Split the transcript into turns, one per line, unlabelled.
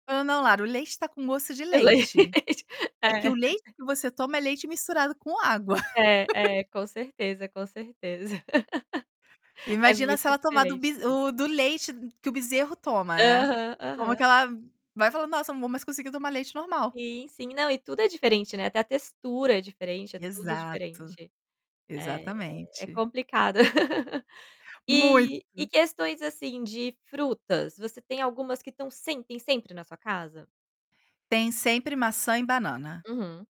Não não Lara, o leite tá com gosto de
No
leite.
leite.
É que o
É.
leite que você toma é leite misturado com água.
É, é, com certeza, com certeza. É
Imagina
muito
se ela tomar do
diferente
bize
mesmo.
o do leite que o bezerro toma, né,
Aham,
como
aham.
que ela vai falar: "Nossa, não vou mais conseguir tomar leite normal".
Sim, sim. Não, e tudo é diferente, né, até a textura é diferente, é tudo
Exato,
diferente. É, é, é
exatamente.
complicado.
Muito.
E e questões, assim, de frutas, você tem algumas que estão sempre, sempre na sua casa?
Tem sempre maçã e banana.
Uhum.